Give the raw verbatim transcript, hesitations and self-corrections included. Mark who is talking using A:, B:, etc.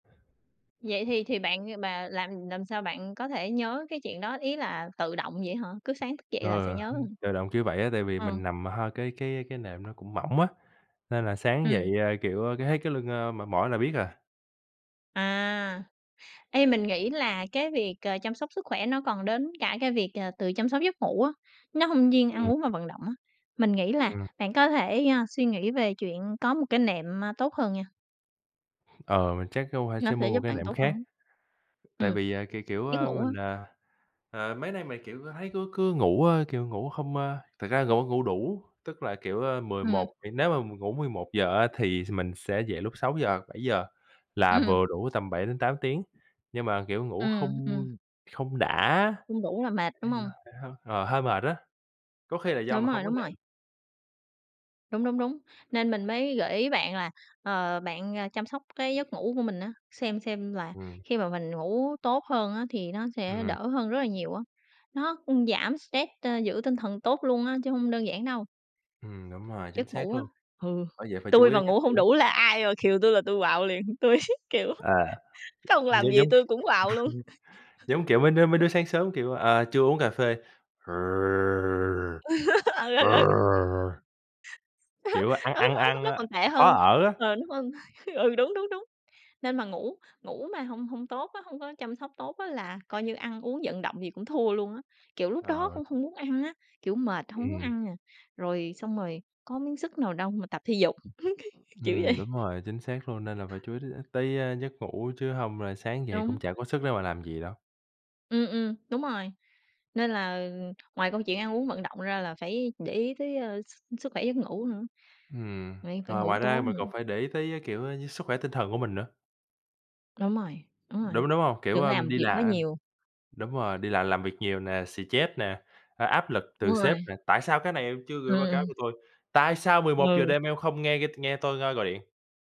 A: Vậy thì thì bạn, ờ, mà làm làm sao bạn có thể nhớ cái chuyện đó, ý là tự động vậy hả? Cứ sáng thức dậy là sẽ
B: Ờ
A: nhớ
B: hứm.
A: hả?
B: Tự động kiểu vậy á tại vì
A: Ờ.
B: mình nằm hai cái cái, ơ, cái nệm nó cũng mỏng á, nên là sáng dậy,
A: Ừm.
B: ơ, kiểu, ơ, cái thấy cái lưng, ơ, mỏi mỏi là biết à.
A: À! Ê, mình nghĩ là cái việc, à, chăm sóc sức khỏe nó còn đến cả cái việc, ờ, tự chăm sóc giấc ngủ á, nó hông riêng ăn
B: Ừm.
A: uống và vận động á. Mình nghĩ là
B: Ừm.
A: bạn có thể, a, suy nghĩ về chuyện có một cái nệm, a, tốt hơn nha.
B: Ờ, vậy chắc phải
A: Nó
B: sẽ
A: sẽ
B: mua một
A: giúp
B: cái
A: bạn
B: nệm
A: tốt hơn
B: khác,
A: á.
B: tại
A: Ừm.
B: vì, à, kiểu, kiểu,
A: Giấc
B: a,
A: ngủ á.
B: mình, ờ, ờ, mấy nay mình, kiểu, ơ, thấy cứ cứ ngủ, ơ, kiểu, ngủ hông, a thực ra ngủ ngủ đủ, tức là, kiểu, a mười
A: Ừm.
B: một nếu mà mình ngủ mười một giờ á thì s mình sẽ dậy lúc sáu giờ bảy giờ là
A: Ừm.
B: vừa đủ tầm bảy đến tám tiếng, nhưng mà kiểu ngủ
A: Ừm,
B: hông,
A: ừm.
B: ưm, không đã á
A: Không đủ là mệt,
B: thì
A: đúng
B: nó
A: hông?
B: sẽ hơi, ờ, hơi mệt á, có khi là do
A: Đúng
B: mình
A: rồi,
B: hông có
A: đúng rồi.
B: nệm.
A: Đúng, đúng, đúng. Nên mình mới gợi ý bạn là, ờ, bạn, a, chăm sóc cái giấc ngủ của mình á, xem xem là
B: Ừm.
A: khi mà mình ngủ tốt hơn á thì nó sẽ
B: Ừm.
A: đỡ hơn rất là nhiều á. Nó cũng giảm stress, ơ, giữ tinh thần tốt luôn á, chứ hông đơn giản đâu.
B: Ừm, đúng rồi, chính
A: Giấc
B: xác
A: ngủ á.
B: luôn.
A: Hừ.
B: Bởi vậy phải chú
A: Tui
B: ý
A: mà
B: đến giấc
A: ngủ hông
B: ngủ.
A: đủ là ai mà khều tui là tui quạu liền, tui, kiểu,
B: À.
A: không
B: Nó
A: làm gì
B: giống
A: tui cũng quạu luôn.
B: giống kiểu mấy đứa mấy đứa sáng sớm, kiểu, à, chưa uống cà phê
A: Ừ, ừ, ừ.
B: Kiểu, a, ăn
A: Nó
B: ăn
A: nó
B: ăn,
A: nó còn
B: a,
A: tệ
B: khó
A: hơn,
B: ở á.
A: ờ, đúng hông? Ừ, đúng, đúng, đúng. Nên mà ngủ ngủ mà hông hông tốt á, hông có chăm sóc tốt á là coi như ăn uống vận động gì cũng thua luôn á. Kiểu lúc đó
B: Ờ.
A: cũng hông muốn ăn á, kiểu, mệt, hông muốn
B: Ừm.
A: ăn nè, rồi xong rồi có miếng sức nào đâu mà tập thể dục. Kiểu vậy.
B: Ừm, đúng rồi, chính xác luôn, nên là phải chú ý đến nữa, tới, a, giấc ngủ chứ hông là sáng dậy cũng
A: Đúng.
B: chả có sức để mà làm gì đâu.
A: Ừm, ừm. Đúng rồi. Nên là, ừm, ngoài câu chuyện ăn uống vận động ra là phải để ý tới, ơ, s sức khỏe giấc ngủ nữa.
B: Ừm.
A: Vậy phải
B: Ờ,
A: ngủ
B: ngoài ra
A: tốt
B: mình
A: nữa.
B: còn phải để ý tới, a, kiểu, a, sức khỏe tinh thần của mình nữa.
A: Đúng rồi, đúng rồi.
B: Đúng, đúng hông? Kiểu,
A: Đừng có
B: ơ,
A: làm
B: đi
A: việc quá
B: là, ưm
A: nhiều.
B: đúng rồi, đi làm làm việc nhiều nè, xì-chét nè, a, áp lực từ
A: Đúng
B: sếp
A: rồi.
B: nè: "Tại sao cái này em chưa
A: Ừm,
B: gửi báo cáo
A: ừm.
B: cho tôi, tại sao mười một giờ
A: Ừ.
B: đêm em không nghe nghe tôi, ơ, gọi điện?"